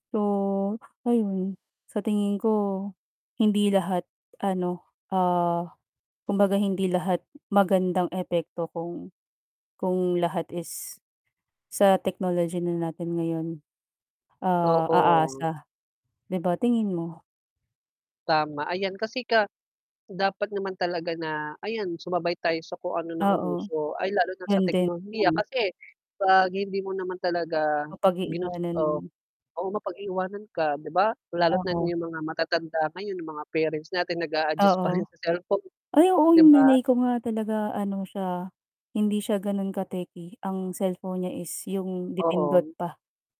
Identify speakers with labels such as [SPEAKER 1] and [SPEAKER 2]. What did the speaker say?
[SPEAKER 1] So, ayun sa tingin ko hindi lahat ano, ah, kumbaga hindi lahat magandang epekto kung, kung lahat is, sa technology na natin ngayon, ah,
[SPEAKER 2] Oo.
[SPEAKER 1] aasa 'di ba, tingin mo?
[SPEAKER 2] Tama, ayan kasi ka dapat naman talaga na, ayan sumabay tayo sa kung ano
[SPEAKER 1] Oo,
[SPEAKER 2] nauuso. Ay lalo na sa
[SPEAKER 1] yun din.
[SPEAKER 2] teknolohiya
[SPEAKER 1] [unintelligible]
[SPEAKER 2] kasi, 'pag hindi mo naman talaga,
[SPEAKER 1] Mapag-iiwanan.
[SPEAKER 2] ginusto, o mapag-iwanan ka, di ba. Lalo't na
[SPEAKER 1] Oo.
[SPEAKER 2] iyong mga matatanda ngayon, yung mga parents natin nag-aadjust pa rin
[SPEAKER 1] Oo.
[SPEAKER 2] sa cellphone,
[SPEAKER 1] Ay oo,
[SPEAKER 2] ‘di
[SPEAKER 1] yung
[SPEAKER 2] ba?
[SPEAKER 1] nanay ko nga talaga ano siya, hindi siya ganun ka-techy. Ang cellphone niya is, yung de-pindot
[SPEAKER 2] Oo.
[SPEAKER 1] pa.